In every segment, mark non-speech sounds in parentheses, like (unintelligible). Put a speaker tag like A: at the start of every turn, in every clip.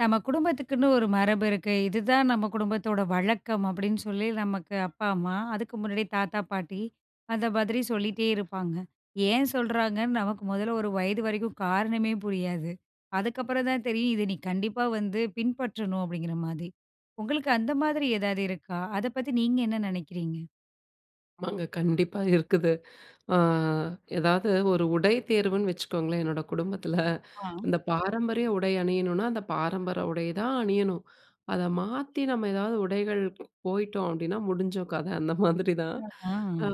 A: நம்ம குடும்பத்துக்குன்னு ஒரு மரபு இருக்கு. இது தான் நம்ம குடும்பத்தோட வழக்கம் அப்படீன்னு சொல்லி, நமக்கு அப்பா, அம்மா அதுக்கு முன்னாடி தாத்தா, பாட்டி அந்த மாரி சொல்லிட்டே இருப்பாங்க. ஏன் சொல்லுறாங்கன்னு நமக்கு முதல ஒரு வயது வரைக்கும் காரணமே புரியாது. அதுக்கப்புறம் தான் தெரியும். இத நீ கண்டிப்பா வந்து பின்பற்றணும் அப்டிங்குற மாரி. உங்களுக்கு அந்த மாரி ஏதாவது இருக்கா? அத பத்தி நீங்க என்ன நெனைக்கிறீங்க?
B: ஆமாங்க. கண்டிப்பா இருக்குது. அ ஏதாவது ஒரு உடை தேர்வுன்னு வச்சுக்கோங்களேன். என்னோட (chuckles) குடும்பத்துல
A: ஆ.
B: இந்த பாரம்பரிய உடை அணியணும்னா, அந்த பாரம்பரிய உடைய தான் அணியணும். அத மாத்தி நம்ம ஏதாவது உடைகள் ப் போயிட்டோம் அப்டின்னா, முடிஞ்சோம் கதை (chuckles) அந்த மாரி தான்.
A: ஆஹ்.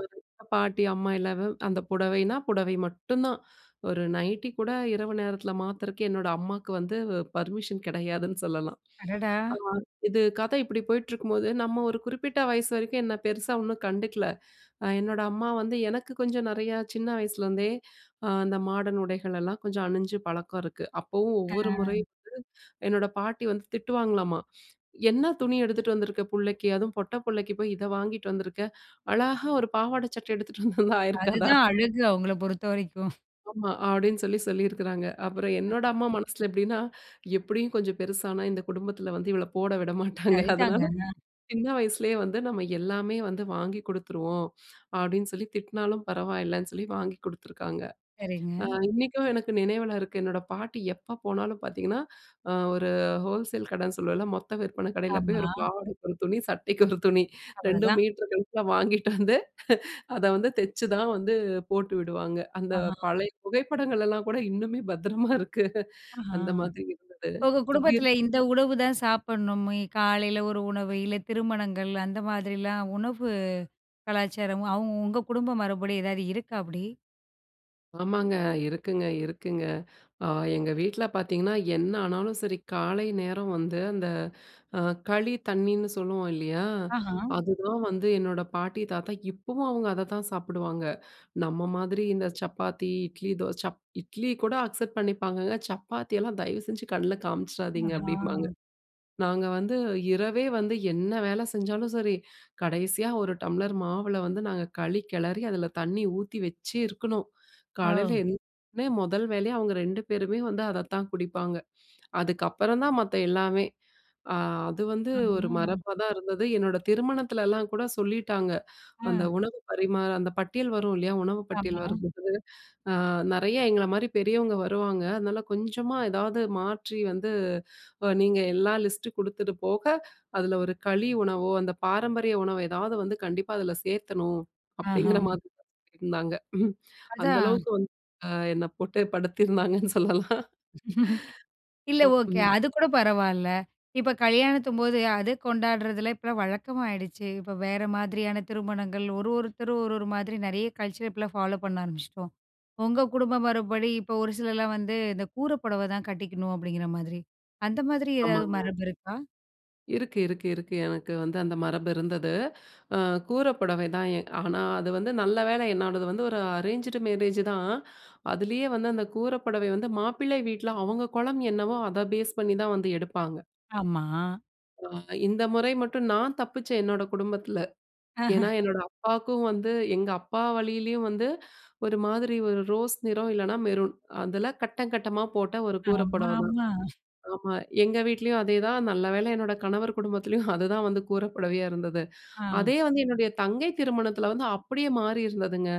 B: பாட்டி, அம்மா எல்லாரு அந்த புடவைனா புடவை மட்டும் தான். ஒரு நைட்டி கூட இரவு நேரத்தில மாத்தறக்கு என்னோட அம்மாக்கு வந்து வ் பர்மிஷன் கிடையாதுன்னு (chuckles) சொல்லலாம்.
A: அடடா!
B: அ இது கதை இப்டி போயிட்டுருக்கும்போது நம்ம ஒரு குறிப்பிட்ட வயசு வரைக்கும் என்னை பெருசா ஒண்ணும் கண்டுக்கல. அ என்னோட அம்மா வந்து எனக்கு கொஞ்சம் நெறையா சின்ன வயசிலிருந்தே ஆ அந்த மாடன் உடைகளெல்லாம் கொஞ்சம் அணிஞ்சு பழக்கம் இருக்கு. அப்பவும் ஒவ்வொரு
A: அ.
B: முறையும் வந்து என்னோட பாட்டி வந்து திட்டுவாங்களாமா," என்ன துணி எடுத்துட்டு வந்துருக்க புள்ளைக்கு? அதுவும் பொட்ட புள்ளைக்கு போய் இத வாங்கிட்டு வந்துருக்க. அழகா ஒரு பாவாட சட்ட எடுத்துட்டு வந்தா ஆயிருக்காதா?"
A: அதுதான் அழகு அவங்கள பொறுத்தவரைக்கும். (chuckles)
B: ஆமா. அப்டீன்னு சொல்லி சொல்லியிருக்குறாங்க. அப்புறம் என்னோட
A: (laughs)
B: அம்மா மனசுல எப்டினா, எப்டியும் கொஞ்சம் பெருசானா இந்த குடும்பத்துல வந்து இவள போட (chuckles) விடமாட்டாங்க.
A: சரிதாங்க.
B: அதுனால
A: அ.
B: சின்ன வயசிலயே வந்து நாம எல்லாமே வந்து வாங்கி குடுத்துருவோம் அப்டினு சொல்லி, திட்டுனாலும் பரவாயில்லன்னு சொல்லி வாங்கி குடுத்துருக்காங்க. அ
A: சரிங்க.
B: இன்னிக்கும் எனக்கு நினைவில இருக்கு. என்னோட பாட்டி எப்ப போனாலும் பார்த்தீங்கன்னா, அ ஒரு ஹோல்சேல் கடைன்னு சொல்லுவோம்ல, மொத்த விற்பனை கடையில போய்
A: ஆமா.
B: ஒரு பாவாடைக்கு 1 துணி, சட்டைக்கு 1 துணி, 2
A: அவ்ளதான்.
B: மீட்டரு கணக்குல வாங்கிட்டு வந்து அத வந்து தைச்சு தான் வந்து போட்டு விடுவாங்க. அந்த
A: ஆஹ.
B: பழைய புகைப்படங்களெல்லாம் கூட இன்னுமே பத்திரமா இருக்கு
A: ஆஹ.
B: அந்த மாரி இருந்தது.
A: உங்க
B: இப்டி
A: குடும்பத்துல இந்த உணவு தான் சாப்பிடணும், ஏ காலையில ஒரு உணவு, இல்ல திருமணங்கள் அந்த மாதிரிலாம் உணவு கலாச்சாரமும் அவங்க உங்க குடும்ப மரபுப்படி ஏதாவது இருக்கா, அப்டி?
B: ஆமாங்க. இருக்குங்க, இருக்குங்க. அ எங்க வீட்ல பார்த்தீங்கன்னா என்ன ஆனாலும் சரி, காலை நேரம் வந்து அந்த அ களி தண்ணீன்னு சொல்லுவோம் இல்லயா!
A: ஆஹா!
B: அதுதான் வந்து என்னோட பாட்டி, தாத்தா இப்பவும் அவுங்க அத தான் சாப்பிடுவாங்க. நம்ம மாதிரி இந்த சப்பாத்தி, இட்லி, தோசை சப் இட்லி கூட அக்செப்ட் பண்ணிப்பாங்கங்கல்ல? சப்பாத்தியெல்லாம் தயவு செஞ்சு கண்ணுல காமிச்சிடாதீங்க
A: ஆஹா!
B: அப்பிடிம்பாங்க. நாங்க வந்து இரவே வந்து என்ன வேல செஞ்சாலும் சரி, கடைசியா ஒரு டம்ளர் மாவுல வந்து நாங்க களி கிளறி அதில தண்ணீ ஊத்தி வச்சு இருக்கணும். காலையில
A: ஒ!
B: எந்திச்சசோனே முதல் வேலையா அவுங்க 2 பேருமே வந்து அதத்தான் குடிப்பாங்க. அதுக்கப்பறந்தான் மத்த எல்லாமே! அ அது வந்து ஒரு
A: ஆமா.
B: மரபா தான் இருந்தது. என்னோட திருமணத்துலல்லாம் கூட சொல்லிட்டாங்க, அந்த
A: ம்.
B: உணவு பரிமாற அந்த பட்டியல் வரும் இல்லயா! உணவு பட்டியல்
A: ஆமா.
B: வரும்போது அ, "நிறைய எங்களமாரி பெரியவுங்க வருவாங்க. அதனால கொஞ்சமா ஏதாவது மாற்றி வந்து அ நீங்க எல்லா லிஸ்ட்டு கொடுத்தது போக அதில ஒரு களி உணவோ அந்த பாரம்பரிய உணவு எதாவது வந்து கண்டிப்பா அதில சேர்த்தணும்.
A: ஆஹா.
B: அப்பிடிங்கிற மாரிதான் இருந்தாங்க ம் அந்த
A: அதான்.
B: அளவுக்கு வந்து அ என்ன போட்டே படுத்திருந்தாங்கன்னு சொல்லலாம்
A: (laughs) இல்ல
B: ஆமா.
A: ஓகே.
B: ம்.
A: அது கூட பரவால்ல. இப்ப கல்யாணத்தும்போது அத கொண்டாடுறதுல இப்பல்லாம் வழக்கமாயிடுச்சு. இப்ப வேற மாதிரியான திருமணங்கள். ஒரு, ஒருத்தர் ஒரு, ஒரு மாதிரி நிறைய கல்ச்சர் இப்பல்லாம் ஃபாலோப் பண்ண ஆரம்பிச்சுட்டோம். உங்க குடும்ப மரபுப்படி இப்ப ஒரு சிலர்லாம் வந்து, "இந்த கூரப் புடவைதான் கட்டிக்கணும்." அப்பிடிங்கிற மாதிரி, அந்த மாதிரி எதாவது
B: ஆமாங்க.
A: மரபு இருக்கா?
B: இருக்கு இருக்கு இருக்கு எனக்கு வந்து அந்த மரபு இருந்தது. அ கூற புடவை தான். எ ஆனா, அது வந்து நல்ல வேலை என்னோடது வந்து ஒரு அரேஞ்சுடு மேரேஜ்தான். அதுலயே வந்து அந்த கூற புடவை வந்து மாப்பிள்ளை வீட்ல அவங்க குலம் என்னவோ, அத பேஸ் பண்ணி தான் வந்து எடுப்பாங்க.
A: ஆமா.
B: அ இந்த முறை மட்டும், நான் தப்பிச்சேன், என்னோட குடும்பத்தில. ஏன்னா,
A: (chuckles) அஹன்.
B: என்னோட அப்பாக்கும் வந்து, எங்க அப்பா வழியிலேயும் வந்து ஒரு மாதிரி ஒரு ரோஸ் நிறம், இல்லனா மெரூன். அதில கட்டம், கட்டமா போட்ட ஒரு கூரை
A: (chuckles) ஆமா
B: புடவைதான்.
A: ஆமா.
B: ஆமா, எங்க வீட்லயும் அதேதான் நல்ல வேளை என்னோட கணவர் குடும்பத்துலயும் அதுதான் வந்து கூற புடவையா இருந்தது.
A: ஆ.
B: அதே வந்து என்னுடைய தங்கை திருமணத்தில வந்து அப்படியே மாறியிருந்ததுங்க!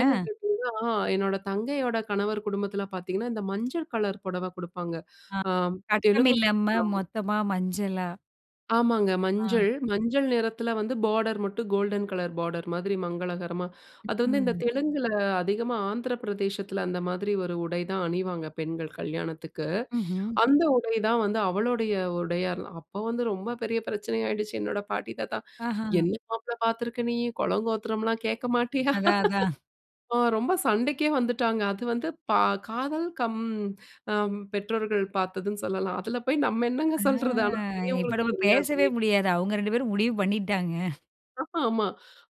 B: ஏன்னு கேட்டிங்கன்னா? என்னோட தங்கையோட கணவர் குடும்பத்தில பார்த்தீங்கன்னா, இந்த மஞ்சள் கலர் புடவை குடுப்பாங்க.
A: ஆ.
B: அம்
A: கட்டம்
B: தெலுங்கு (unintelligible)
A: இல்லாம
B: ஆமா.
A: மொத்தமா மஞ்சளா?
B: ஆமாங்க.
A: ஆ.
B: மஞ்சள். மஞ்சள் நிறத்தில வந்து பார்டர் மட்டும் கோல்டன் கலர் பார்டர் மாதிரி மங்களகரமா. அது வந்து இந்த
A: ம்.
B: தெலுங்குல, அதிகமா ஆந்திரப்பிரதேசத்தில, அந்த மாதிரி ஒரு உடை தான் அணிவாங்க பெண்கள், கல்யாணத்துக்கு.
A: ம்ஹ்ம்.
B: அந்த உடைதான் வந்து அவளுடைய உடையாலாம். அப்ப வந்து ரொம்ப பெரிய பிரச்சனை ஆயிடுச்சு. என்னோட பாட்டி, தாத்தா,
A: அஹன்.
B: "என்ன மாப்பிளை பார்த்துருக்க நீ! குலங்கோத்திரம்லாம் கேட்க மாட்டியா?"
A: அதான் அதான்.
B: ஆ ரொம்ப சண்டைக்கே வந்துட்டாங்க. அது வந்து பா காதல் கம் அம் பெற்றோர்கள் பார்த்ததுன்னு சொல்லலாம். அதுல போய் நம்ம
A: அ
B: என்னங்க சொல்றது? ஆனா,
A: இப்ப
B: பெரியவங்களுக்கு
A: நம்ம
B: தெரியாது.
A: பேசவே
B: வீட்
A: முடியாது. அவுங்க 2 பேரும் (chuckles) முடிவு பண்ணிட்டாங்க.
B: ம்ஹூம். ஆமா.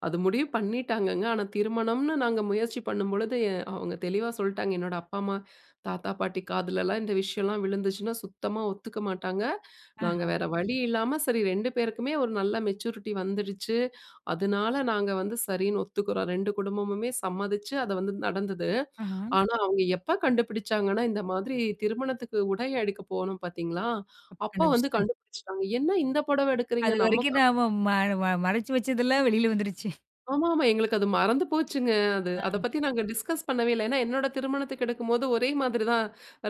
B: அது முடிவு பண்ணிட்டாங்கங்க. ஆனா திருமணம்ன்னு நாங்க முயற்சி பண்ணும் பொழுது, எ அவங்க தெளிவா சொல்லிட்டாங்க. என்னோட அப்பா, அம்மா தாத்தா, பாட்டி காதிலலாம் இந்த விஷயம்லாம் விழுந்துச்சுன்னா, சுத்தமா ஒத்துக்க மாட்டாங்க. நாங்க
A: அஹ.
B: வேற வழி இல்லாம சரி 2 பேருக்குமே ஒரு நல்ல மெச்சூரிட்டி வந்துருச்சு. அதனால நாங்க வந்து சரின்னு ஒத்துக்கிறோம். 2 குடும்பமுமே சம்மதித்து, அது வந்து நடந்தது.
A: ஆஹ.
B: ஆனா அவுங்க எப்போ கண்டுபிடிச்சாங்கன்னா, இந்த மாதிரி திருமணத்துக்கு உடை எடுக்க போனோம் பார்த்தீங்களா,
A: அப்ப
B: அப்போ வந்து
A: கண்டுபிடிச்சுட்டேன்.
B: கண்டுபிடிச்சுட்டாங்க. என்ன இந்த புடவ எடுக்குறீங்க?
A: அது
B: நம்ம
A: வரைக்கும் நாம
B: (unintelligible)
A: ம ம மறைச்சி வச்சதெல்லாம் வெளில வந்துருச்சு.
B: ஆமா, ஆமா. எங்களுக்கு அது மறந்து போச்சுங்க அது. அத
A: அ.
B: பத்தி நாங்க டிஸ்கஸ் பண்ணவே இல்ல. ஏன்னா என்னோட திருமணத்துக்கு எடுக்கும்போது, ஒரே மாதிரி தான்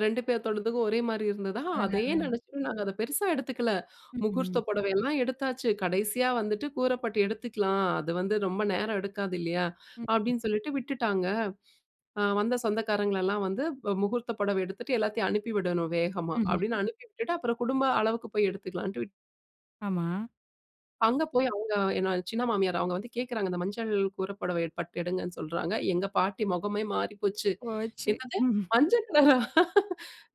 B: 2 பேத்தோடத்துக்கும் ஒரே மாரி இருந்ததா! அதேயே
A: அதனால.
B: நினைச்சுட்டு நாங்க அத பெருசா எடுத்துக்கல.
A: ம்ஹ்ம்.
B: முகூர்த்த புடவையெல்லாம் எடுத்தாச்சு. கடைசியா வந்துட்டு கூரப்பட்டு எடுத்துக்கலாம். அது வந்து ரொம்ப நேரம் எடுக்காது இல்லயா!
A: ம்ஹ்ம்.
B: அப்பிடின்னு சொல்லிட்டு விட்டுட்டாங்க. அ வந்த சொந்தக்காரங்களெல்லாம் வந்து அ முகூர்த்த புடவை எடுத்துட்டு எல்லாத்தையும் அனுப்பி விடணும் வேகமா,
A: ம்ஹ்ம்.
B: அப்பிடின்னு அனுப்பி விட்டுட்டு, அப்புறம் குடும்ப அளவுக்கு போய் எடுத்துக்கலான்ட்டு விட்
A: ஆமா.
B: அங்க போய் அவுங்க என்னோட சின்ன மாமியார் அவுங்க வந்து கேக்குறாங்க. இந்த மஞ்சள் கூரபுடவை பட்டு எடுங்கன்னு சொல்றாங்க. எங்க பாட்டி முகமே மாறி போச்சு.
A: போச்சு.
B: "என்னது
A: ம்ஹ்ம்.
B: மஞ்ச கலரா?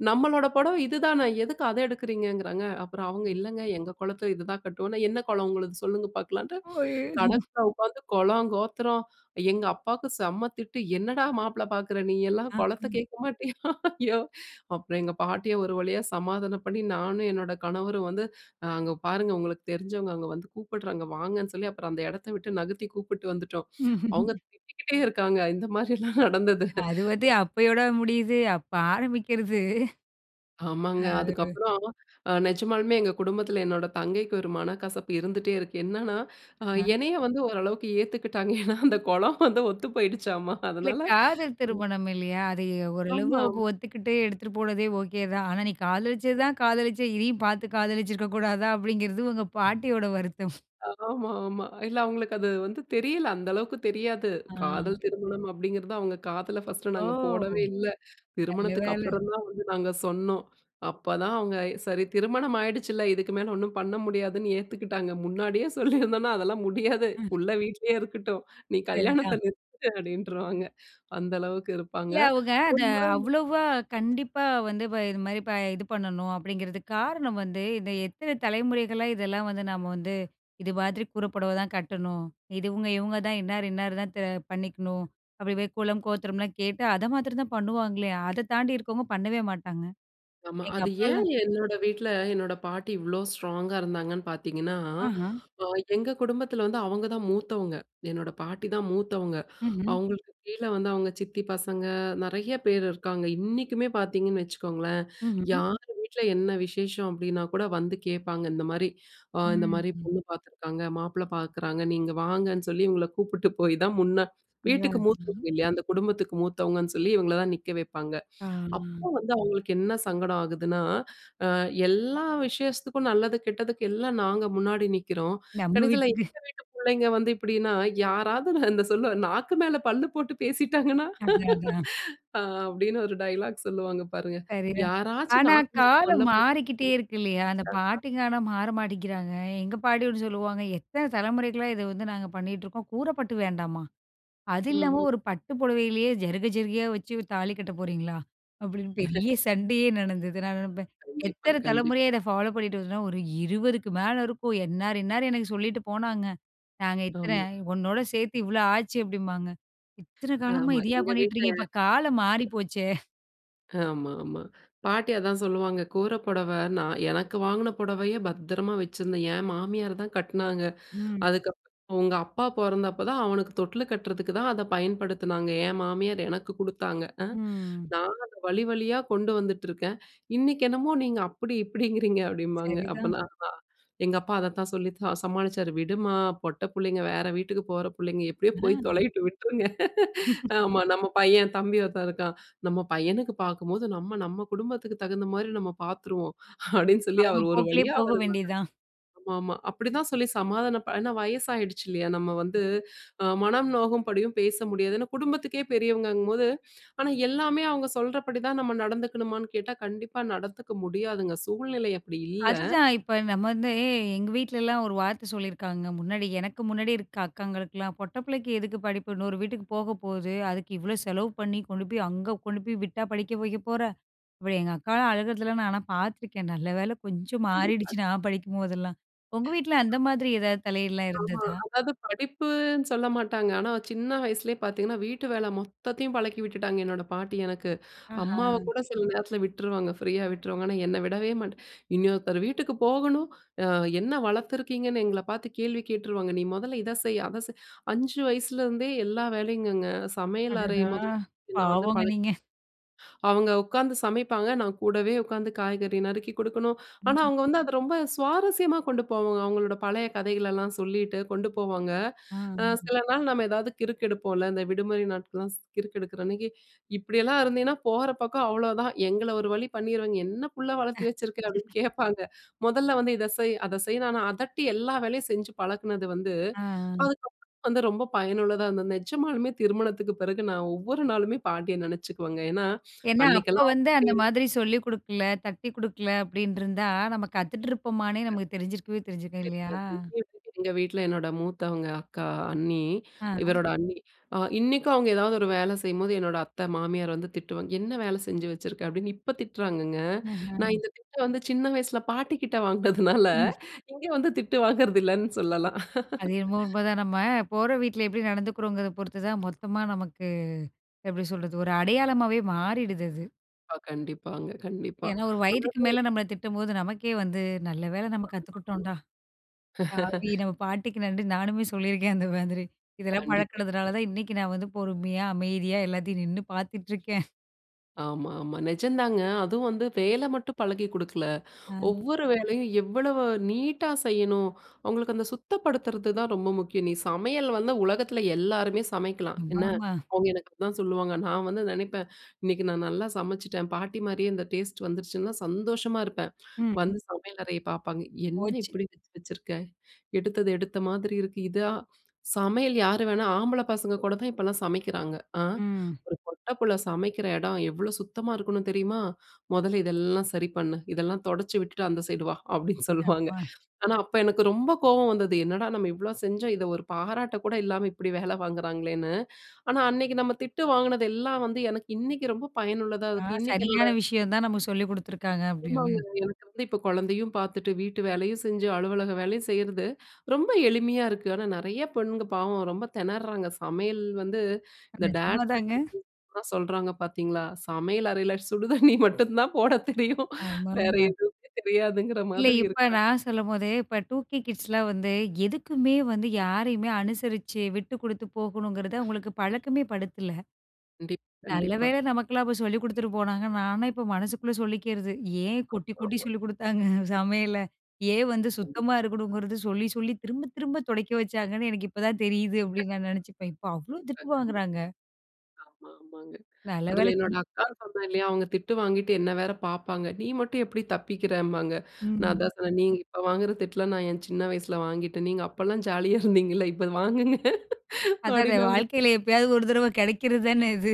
B: நம்மளோட புடவ இதுதான! எதுக்கு அத எடுக்கறீங்க?" ங்கிறாங்க அப்புறம் அவங்க
A: ம்.
B: "இல்லேங்க எங்க குலத்தில இதுதான் கட்டுவோம்" னா "என்ன குலம் உங்களது? சொல்லுங்க பார்க்கலான்டு,
A: ஐயோ!
B: கடைக்குள்ள உட்காந்து குலம், கோத்திரம், எங்க அப்பாக்கு செம்ம திட்டு. "என்னடா! மாப்பிள பாக்குற நீயெல்லாம் குலத்த
A: ஆஹ.
B: கேட்க மாட்டியா?"யோவ் அப்புறம் எங்க பாட்டிய ஒரு வழியா சமாதானம் பண்ணி நானும் என்னோட கணவரும் வந்து அங்க பாருங்க உங்கள தெரிஞ்சவங்க அங்க வந்து கூப்பிட்றாங்க, வாங்கன்னு சொல்லி அப்புறம் அந்த இடத்த விட்டு நகர்த்தி கூப்பிட்டு வந்துட்டோம்.
A: ம்ஹ்ம்.
B: அவுங்க திட்டிக்கிட்டே இருக்காங்க. இந்த மாரிலாம் நடந்தது
A: அது வந்து அப்பயோட முடியுது, அப்ப ஆரம்பிக்கிறது
B: ஆமாங்க
A: அ ஒரு
B: அதுக்கப்புறம் அ நெஜமாலுமே எங்க குடும்பத்தில என்னோட தங்கைக்கு ஒரு மனக்கசப்பு இருந்துட்டே இருக்கு. என்னன்னா, அ
A: (unintelligible)
B: என்னைய வந்து ஓரளவுக்கு ஏத்துக்கிட்டாங்க. ஏன்னா அந்த குலம் வந்து ஒத்து போயிடுச்சாம்மா
A: இல்ல
B: அதனால
A: காதல்
B: ம்.
A: திருமணம் இல்லயா! அது ஓரளவு அவுங்க
B: ஆமாம்.
A: ஒத்துக்கிட்டு எடுத்துட்டு போனதே ஓகே தான். ஆனா "நீ காதலிச்சது தான் காதலிச்ச இதையும் பார்த்து காதலிச்சிருக்க கூடாதா," அப்பிடிங்கிறது உங்க பாட்டியோட வருத்தம்.
B: ஆமா, ஆமா. இல்ல அவுங்களுக்கு அது வந்து தெரியல. அந்த அளவுக்கு தெரியாது.
A: ஆ.
B: காதல் திருமணம் அப்பிடிங்கிறது அவுங்க காதுல ஃபர்ஸ்ட்டு
A: ஓ.
B: நாங்க போடவே இல்ல.
A: நல்ல
B: திருமணத்துக்கு
A: வேல.
B: அப்புறம் தான் வந்து நாங்க சொன்னோம். அப்போதான் அவுங்க சரி திருமணம் ஆயிடுச்சுல்ல. இதுக்கு மேல ஒன்னும் பண்ண முடியாதுன்னு ஏத்துக்கிட்டாங்க. முன்னாடியே சொல்லியிருந்தோனா அதெல்லாம் முடியாது,
A: ம்.
B: புள்ள வீட்டிலேயே இருக்கட்டும் நீ கல்யாணத்தை
A: சரிதான்.
B: நிறுத்திடு அப்டின்ருவாங்க அந்த அளவுக்கு இருப்பாங்க
A: இல்ல, அவுங்க அத
B: ஒரு முறை
A: அவ்வளவா கண்டிப்பா வந்து இப்ப இதுமாரி இது ப பண்ணணும் அப்பிடிங்கிறதுக் காரணம் வந்து, இந்த எத்தனை தலைமுறைகளா இதெல்லாம் வந்து நம்ம வந்து இது மாதிரி கூர புடவதான் கட்டணும். இதுவுங்க, இவுங்க தான் இன்னார், இன்னாரு தான் பண்ணிக்கணும். அப்பிடி போய் குலம், கோத்திரம்லாம் கேட்டு அதமாத்திரதான் பண்ணுவாங்களே! அத தாண்டி இருக்கவங்க பண்ணவே மாட்டாங்க.
B: ஆமா.
A: எங்க
B: அது ஏன்
A: அப்பாலாம்
B: என்னோட வீட்ல என்னோட பாட்டி இவ்ளோ ஸ்ட்ராங்கா இருந்தாங்கன்னு பார்த்தீங்கன்னா,
A: ஆஹா.
B: அ எங்க குடும்பத்தில வந்து அவங்க தான் மூத்தவங்க. என்னோட பாட்டி தான் மூத்தவங்க.
A: ம்ஹ்ம்.
B: அவுங்களுக்கு கீழே வந்து அவுங்க சித்தி பசங்க நிறைய பேர் இருக்காங்க. இன்னிக்குமே பார்த்தீங்கன்னு வச்சுக்கோங்களேன்.
A: ம்ஹ்ம்.
B: யார் வீட்ல என்ன விசேஷம் அப்பிடின்னா கூட வந்து கேட்பாங்க. இந்தமாரி அ இந்தமாரி
A: ம்.
B: பொண்ணு பாத்துருக்காங்க. மாப்பிள பாக்குறாங்க நீங்க வாங்கன்னு, சொல்லி இவுங்கள கூப்பிட்டு போய் தான், முன்ன வீட்டுக்கு
A: அதானா
B: மூத்தவங்க இல்லயா! அந்த குடும்பத்துக்கு மூத்தவங்கன்னு சொல்லி, இவங்கள தான் நிக்க வைப்பாங்க.
A: ஆ
B: அப்போ வந்து அவுங்களுக்கு என்ன சங்கடம் ஆகுதுன்னா, அ எல்லா விசேஷத்துக்கும் நல்லது கெட்டதுக்கு எல்லாம் நாங்க முன்னாடி நிக்கிறோம்.
A: நம்ம
B: கடைசில
A: வீட்டுக்கு
B: எங்க வீட்டு பிள்ளைங்க வந்து இப்பிடின்னா, யாராவது இந்த சொல்லுவ நாக்கு மேல பல்லு போட்டு பேசிட்டாங்கன்னா!
A: அதான், அதான்.
B: (laughs) அ அப்பிடின்னு ஒரு டயலாக் சொல்லுவாங்க பாருங்க.
A: சரிதான்.
B: யாராச்சும்
A: ஆனா
B: நாக்கு மேல பல்ல
A: காலம்
B: போட்டு
A: மாறிக்கிட்டே இருக்கு இல்லயா! அந்த
B: (unintelligible)
A: பாட்டிங்க ஆனா மாற மாட்டிக்கிறாங்க. எங்க பாட்டிகூட சொல்லுவாங்க, "எத்தன தலைமுறைக்கலா இத வந்து நாங்க பண்ணிகிட்டுருக்கோம். கூரப்பட்டு வேண்டாமா! அது
B: ம்,
A: இல்லாம
B: ம்.
A: ஒரு பட்டு புடவையிலேயே ஜருக, ஜருகையா வச்சு தாலி கட்ட போறீங்களா? அப்பிடின்னு பெரிய
B: (laughs)
A: சண்டையே நடந்தது. நான் நினைப்பேன்.
B: கண்டிப்பா,
A: எத்தனை
B: கண்டிப்பா.
A: தலைமுறையா இத ஃபாலோப் பண்ணிட்டு வருதுன்னா, ஒரு இருவதுக்கு மேலே இருக்கும். இன்னாரு, இன்னாலரு எனக்கு சொல்லிட்டு போனாங்க. நாங்க இத்தன
B: ஆமா.
A: உன்னோட சேர்த்தி இவ்ளோ ஆச்சு" அப்பிடிம்பாங்க. இத்தன காலமா
B: ஆமா.
A: இதையா
B: எங்க
A: பண்ணிட்டு
B: வீட்ல.
A: இருக்கீங்க? இப்ப காலம் மாறி போச்சே!
B: ஆமா ஆமா, பாட்டி அதான் சொல்லுவாங்க. "கூர புடவ நான் எனக்கு வாங்கின புடவைய பத்திரமாக வச்சிருந்தேன். என் மாமியார் தான் கட்னாங்க!
A: ம்.
B: அதுக்கப்புறம் உங்க அப்பா பொறந்தப்போ தான் அவனுக்கு தொட்டிலு கட்டுறதுக்கு தான் அத பயன்படுத்தினாங்க. என் மாமியார் எனக்கு கொடுத்தாங்க. அ
A: ம்.
B: நான் அத வழி வழியா கொண்டு வந்துட்டுருக்கேன். இன்னைக்கு என்னமோ நீங்க அப்படி இப்படிங்கிறீங்க!" அப்படிம்பாங்க.
A: சரிதான்.
B: அப்பலாம் அதான், எங்க அப்பா அதத்தான் சொல்லித்தான் சமாளிச்சாரு. "விடுமா பொட்ட புள்ளைங்க வேற வீட்டுக்கு போற புள்ளைங்க, எப்படியோ போய்
A: அ.
B: தொலையட்டும் விட்ருங்க. (laughs)
A: (laughs)
B: ஆமா நம்ம பையன் தம்பி ஒருத்தன் இருக்கான். நம்ம பையனுக்கு பார்க்கும்போது நம்ம நம்ம குடும்பத்துக்கு தகுந்த மாரி நம்ம பார்த்துருவோம்." அப்டின்னு சொல்லி
A: அவங்க
B: அவர் ஒரு
A: போக்குலயே
B: வழியா
A: போக
B: அவர் மகன்,
A: வேண்டி தான்.
B: ஆமாமா, அப்டி தான் சொல்லி சமாதானப்ப, ஏன்னா வயசாயிடுச்சு இல்லயா? நம்ம வந்து அ மனம் நோகும்படியும் பேச முடியாது, ஏன்னா குடும்பத்துக்கே பெரியவங்கங்கும்போது. ஆனா எல்லாமே அவங்க சொல்றபடி தான் நம்ம நடந்துக்கணுமான்னு கேட்டா கண்டிப்பா நடந்துக்க முடியாதுங்க, சூழ்நிலை அப்டி இல்ல.
A: அதுதான், இப்ப நம்ம வந்து எ எங்க வீட்லலாம், ஒரு வார்த்த சொல்லியிருக்காங்க, முன்னாடி எனக்கு முன்னாடி இருக்கிற அக்காங்களுக்குலாம், "பொட்ட பிள்ளைக்கு எதுக்கு படிப்பு? இன்னொரு வீட்டுக்கு போக போது. அதுக்கு இவ்ளோ செலவு பண்ணி கொண்டு போய், அங்க கொண்டு போய் விட்டா படிக்க வைக்க போற?" அப்படி எங்க அக்காலாம் அழுகிறதெல்லாம் நான் ஆனா பார்த்துருக்கேன். நல்ல வேல கொஞ்சம்
B: கண்டிப்பா.
A: மாறிடுச்சு நான் படிக்கும்போதெல்லாம். உங்க
B: (unintelligible)
A: வீட்டில அந்த மாதிரி எதாவது தலையீடுலாம்
B: ஆமா,
A: இருந்ததா?
B: அதாவது படிப்புன்னு சொல்ல மாட்டாங்க. ஆனா சின்ன வயசுலயே பார்த்தீங்கன்னா, வீட்டு வேல மொத்தத்தையும் பழக்கி விட்டுட்டாங்க, என்னோட பாட்டி எனக்கு. அம்மாவ
A: ஆஹான்.
B: கூட சில நேரத்தில விட்டுருவாங்க, ஃப்ரீயா விட்டுருவாங்க. ஆனா என்ன விடவே மாட்ட. "இன்னொருத்தர் வீட்டுக்கு போகணும், அ என்ன வளர்த்துருக்கீங்கன்னு எங்கள பார்த்து கேள்வி கேட்டுருவாங்க. நீ மொதல்ல இத செய், அத செய்" 5 வயசுலருந்தே எல்லா வேலையும்ங்கங்க! சமையல் அறை
A: அடடா!
B: முதல் என்ன வந்து
A: பாவங்க
B: பழ
A: நீங்க.
B: அவங்க உட்காந்து சமைப்பாங்க, நான் கூடவே உட்காந்து காய்கறி நறுக்கி கொடுக்கணும். ஆனா
A: ம்.
B: அவங்க வந்து அத ரொம்ப சுவாரஸ்யமா கொண்டு போவாங்க. அவங்களோட பழைய கதைகளெல்லாம் சொல்லிட்டு கொண்டு போவாங்க.
A: அ.
B: அ சில நாள் நம்ம எதாவது கிறுக்கெடுப்போம்ல. இந்த விடுமுறை நாட்கள்லாம் ஸ் கிறுக்கெடுக்கிறன்னைக்கு, இப்படியெல்லாம் இருந்தின்னா போற பக்கம் அவ்வளோதான்! எங்கள ஒரு வழி பண்ணிருவாங்க, "என்ன புள்ள
A: அ
B: வளர்த்தி வச்சுருக்குற?",
A: (laughs)
B: அப்டின்னு கேட்பாங்க. மொதல்ல வந்து இத செய், அத செய்ன்னு, ஆனா அதட்டி எல்லா வேலையும் செஞ்சு பழக்குனது வந்து,
A: அ, அ
B: அதுக்கப்புறம் வந்து ரொம்ப பயனுள்ளதா இருந்தது. நெஜமாலுமே திருமணத்துக்கு பிறகு நான் ஒவ்வொரு நாளுமே பாட்டிய நினைச்சுக்குவேங்க. ஏன்னா
A: ஏன்னா, அப்ப
B: அன்னைக்கெல்லாம் அவுங்க
A: வந்து
B: அப்டி
A: அந்த மாதிரி சொல்லி கொடுக்கல, தட்டி கொடுக்கல, அப்டின்னு இருந்தா, நம்ம கத்துட்டுருப்போமான்னே நமக்கு தெரிஞ்சிருக்கவே தெரிஞ்சிருக்காது, இல்லையா?
B: தெரியாது! இங்கயும் வந்து எங்க வீட்டில என்னோட மூத்தவங்க அக்கா, அண்ணி,
A: அ.
B: இவரோட அண்ணி, அ இன்னிக்கும் அவங்க எதாவது ஒரு வேல செய்யும்போது என்னோட அத்த மாமியார் வந்து திட்டுவாங்க. "என்ன வேல செஞ்சு வச்சுருக்க?" அப்படின்னு இப்ப திட்டுறாங்கங்க. நான்
A: ம்ஹ்ம்.
B: இந்த திட்ட வந்து சின்ன வயசில பாட்டி கிட்ட வாங்கினதுனால,
A: ம்.
B: இங்க வந்து திட்டு வாங்குறதில்லன்னு சொல்லலாம்.
A: அது என்னமோ உண்மதான். நம்ம போற வீட்ல எப்படி நடந்துக்கிறோங்கிறத பொறுத்துதான் மொத்தமா நமக்கு, எப்டி சொல்றது, ஒரு அடையாளமாவே மாறிடுது அது.
B: ப்பா, கண்டிப்பாங்க, கண்டிப்பா.
A: ஏன்னா, ஒரு வயதுக்கு
B: ஆனாலும்
A: மேல நம்மள திட்டும்போது, நமக்கே வந்து நல்ல வேல நம்ம கத்துக்கிட்டோன்டா.
B: (unintelligible) (laughs)
A: (unintelligible) நம்ம பாட்டிக்கு நன்றின்னு நானுமே (chuckles) சொல்லிருக்கேன், அந்த மாதிரி. இதெல்லாம்
B: கண்டிப்பா.
A: பழக்குனதுனால தான் இன்னைக்கு நான் வந்து பொறுமையா, அமைதியா எல்லாத்தையும் நின்னு (chuckles) பார்த்துட்ருக்கேன்.
B: ஆமா, ஆமா. நிஜந்தாங்க அதுவும் வந்து வேல மட்டும் பழகி கொடுக்கல,
A: அ.
B: ஒவ்வொரு வேலையும் எவ்வளவு நீட்டா செய்யணும், அவங்களுக்கு அந்த சுத்தப்படுத்துறதுதான் ரொம்ப முக்கியம். "நீ சமையல் வந்து உலகத்தில எல்லாருமே சமைக்கலாம். என்ன!"
A: ஆமாமா.
B: அவங்க எனக்கு அப்படிதான் சொல்லுவாங்க. நான் வந்து நினைப்பேன் இன்னைக்கு நான் நல்லா சமைச்சுட்டேன், பாட்டி மாரியே இந்த டேஸ்ட் வந்துருச்சுன்லாம் சந்தோஷமா இருப்பேன்.
A: ம்.
B: (smacks lips) வந்து சமையல் அறைய பார்ப்பாங்க. "என்ன
A: போச்சு.
B: இப்படி வச்சு வச்சிருக்க? எடுத்தது எடுத்தமாதிரி இருக்கு. இதா, சமையல் யார் வேணா ஆம்பள பசங்க கூட தான் இப்போலாம் சமைக்கிறாங்க அ.
A: ம்.
B: ஒரு பொட்ட புள்ள சமைக்கிற இடம் எவ்வளோ சுத்தமா இருக்கணும் தெரியுமா? மொதல்ல இதெல்லாம் சரி பண்ணு. இதெல்லாம் தொடச்சி விட்டுட்டு அந்த சைடு வா." அப்படின்னு சொல்லுவாங்க.
A: யப்பா!
B: ஆனா, அப்போ எனக்கு ரொம்ப கோவம் வந்தது. என்னடா நம்ம இவ்வளோ செஞ்சோம், இதை ஒரு பாராட்ட கூட இல்லாம இப்படி வேலை வாங்குறாங்களேன்னு. ஆனா, அன்னைக்கு நம்ம திட்டு வாங்கினது எல்லாம் வந்து எனக்கு இன்னைக்கு ரொம்ப பயனுள்ளதா,
A: ஆ,
B: அதுக்கு இன்னைக்கு என்னோட
A: சரியான விஷயம் தான் நமக்கு சொல்லி கொடுத்துருக்காங்க, அப்படின்னு.
B: ஆமாங்க. எனக்கு வந்து இப்போ குழந்தையும் பார்த்துட்டு, வீட்டு வேலையும் செஞ்சு, அலுவலக வேலையும் செய்யிறது, ரொம்ப எளிமையா இருக்கு. ஆனா, நிறைய பெண்ணுங்க பாவம் ரொம்ப திணறாங்க. சமையல் வந்து இந்த
A: நிஜமா
B: டேட்ஸ் லிட்டில்
A: தாங்க.
B: பிரின்சஸ்லாம் சொல்றாங்க பார்த்தீங்களா, சமையல் அறையில சுடு தண்ணி மட்டும் தான் போட தெரியும், வேற
A: ஆமாமா.
B: எதுவுமே தெரியாதுங்கிற
A: இல்ல,
B: மாதிரி
A: இப்ப
B: இருக்காங்க.
A: நான் சொல்லும்போதே இப்ப டூ கே கிட்ஸ்லாம் வந்து, எதுக்குமே வந்து யாரையுமே அனுசரிச்சு, விட்டு கொடுத்து போகணுங்கிறத அவங்களுக்கு பழக்கமே படுத்தல.
B: கண்டிப்
A: நல்ல
B: கண்டிப்பா.
A: வேல நமக்கெல்லாம் அப்போ சொல்லி கொடுத்துட்டு போனாங்கன்னு, நான்லாம் இப்ப மனசுக்குள்ள சொல்லிக்கிறது. "ஏன்
B: ஆமா,
A: கொட்டி கொட்டி
B: ஆமா.
A: சொல்லிக் (laughs) கொடுத்தாங்க சமையல? ஏன் வந்து
B: கண்டிப்
A: சுத்தமா இருக்கணுங்குறத சொல்லி சொல்லி, திரும்ப திரும்ப துடைக்க வச்சாங்கன்னு எனக்கு இப்ப தான் தெரியுது."
B: (laughs) (unintelligible)
A: அப்படின்னு நான் நினைச்சுப்பேன். இப்ப அவ்வளோ
B: கண்டிப்பா.
A: திட்டு வாங்குறாங்க.
B: ஆமா ஆமாங்க.
A: நல்ல
B: அதில என்னோட
A: வேலைக்கி.
B: அக்கான்னு சொன்னேன் இல்லையா? அவங்க திட்டு வாங்கிட்டு என்ன வேற பார்ப்பாங்க. நீ மட்டும் எப்படி தப்பிக்கிறம்பாங்க. நான்
A: ம்.
B: அதான் சொன்னேன், "நீங்க இப்போ வாங்குற திட்டலாம் நான் என் சின்ன வயசுல வாங்கிட்டேன். நீங்க அப்போலாம் ஜாலியா இருந்தீங்கல்ல, இப்போ வாங்குங்க"
A: அதான,
B: அப்படின்னு அவங்ககிட்ட
A: வாழ்க்கையில எப்பயாவது ஒரு தடவ கிடைக்கிறது தானே இது.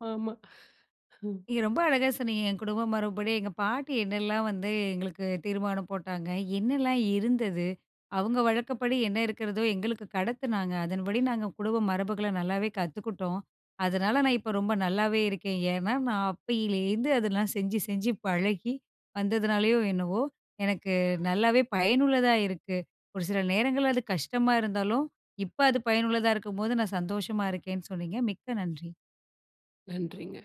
B: ஆமா. (chuckles)
A: நீங்க ரொம்ப அழகாக சொன்னீங்க, என் குடும்ப மரபுபடி எங்க பாட்டி என்னெல்லாம் வந்து எங்களுக்கு தீர்மானம் போட்டாங்க. என்னலாம் இருந்தது. அவங்க வழக்கப்படி என்ன இருக்கிறதோ எங்களுக்கு கடத்துனாங்க, அதன்படி நாங்க குடும்ப மரபுகள நல்லாவே கத்துக்கிட்டோம். அதனால நான் இப்போ ரொம்ப நல்லாவே இருக்கேன். ஏன்னா, நான் அப்பயிலேருந்து அதெல்லாம் செஞ்சு செஞ்சு பழகி வந்ததுனாலயோ என்னவோ எனக்கு நல்லாவே பயனுள்ளதா இருக்கு. ஒரு சில நேரங்கள்ல அது கஷ்டமா இருந்தாலும், இப்ப அது பயனுள்ளதா இருக்கும்போது நான் சந்தோஷமா இருக்கேன்னு சொன்னீங்க, மிக்க நன்றி.
B: நன்றிங்க.